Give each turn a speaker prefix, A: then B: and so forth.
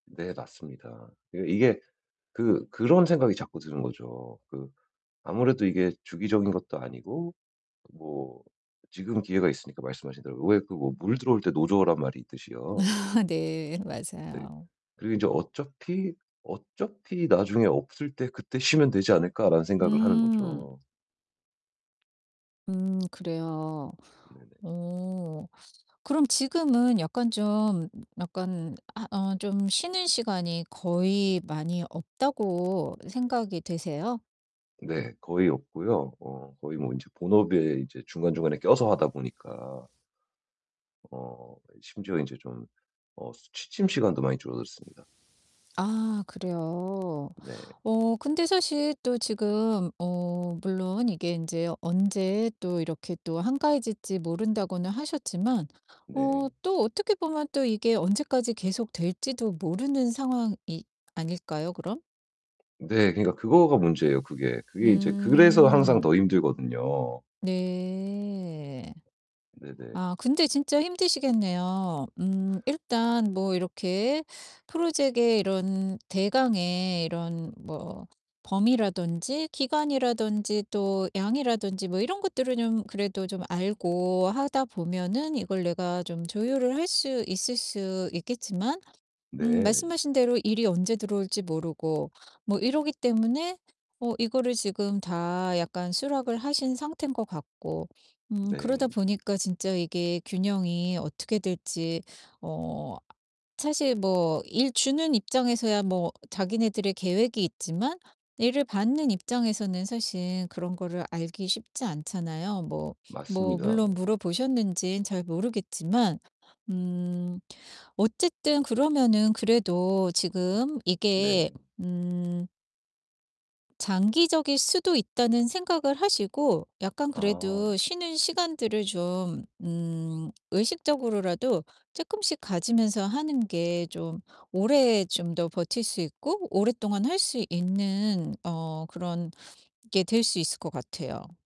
A: 네 맞습니다. 그게 이게 그 그런 생각이 자꾸 드는 거죠. 그 아무래도 이게 주기적인 것도 아니고 뭐 지금 기회가 있으니까 말씀하신 대로 왜 그 어 물 들어올 때 노 저으란 말이 있듯이요.
B: 아 네.
A: 네.
B: 맞아요.
A: 그리고 인제 어차피, 어차피 '나중에 없을 때 그때 쉬면 되지 않을까.'라는 생각을 하는
B: 음.
A: 거죠.
B: 음 그래요.
A: 네네.
B: 어 그럼 지금은 약간 좀 약간 아 어 좀 쉬는 시간이 거의 많이 없다고 생각이 되세요?
A: 네 거의 없고요. 어 거의 뭐 인제 본업에 인제 중간중간에 껴서 하다 보니까 어 심지어 인제 좀 어 스 취침 시간도 많이 줄어들었습니다.
B: 아 그래요.
A: 네.
B: 어 근데 사실 또 지금 어 물론 이게 인제 "언제 또 이렇게 또 한가해질지 모른다."고는 하셨지만 어
A: 네.
B: 또 어떻게 보면 또 이게 언제까지 계속될지도 모르는 상황이 아닐까요, 그럼?
A: 네 그러니까 그거가 문제예요 그게. 그게 인제 그래서 항상
B: 음.
A: 더 힘들거든요.
B: 네.
A: 네네.
B: 아 근데 진짜 힘드시겠네요. 음 일단 뭐 이렇게 프로젝트의 이런 대강의 이런 뭐 범위라든지 기간이라든지 또 양이라든지 뭐 이런 것들을 좀 그래도 좀 알고 하다 보면은 이걸 내가 좀 조율을 할 수 있을 수 있겠지만 음
A: 네.
B: 말씀하신 대로 일이 언제 들어올지 모르고 뭐 이러기 때문에 어 이거를 지금 다 약간 수락을 하신 상태인 것 같고 음 그러다
A: 네.
B: 보니까 진짜 이게 균형이 어떻게 될지 어 사실 뭐 일 주는 입장에서야 뭐 자기네들의 계획이 있지만 일을 받는 입장에서는 사실 그런 거를 알기 쉽지 않잖아요. 뭐, 뭐
A: 맞습니다.
B: 물론 물어보셨는진 잘 모르겠지만. 음 어쨌든 그러면은 그래도 지금 이게
A: 네.
B: 음 장기적일 수도 있다는 생각을 하시고 약간 그래도
A: 아.
B: 쉬는 시간들을 좀 음 의식적으로라도 쪼끔씩 가지면서 하는 게 좀 오래 좀 더 버틸 수 있고 오랫동안 할 수 있는 어 그런 게 될 수 있을 것 같아요.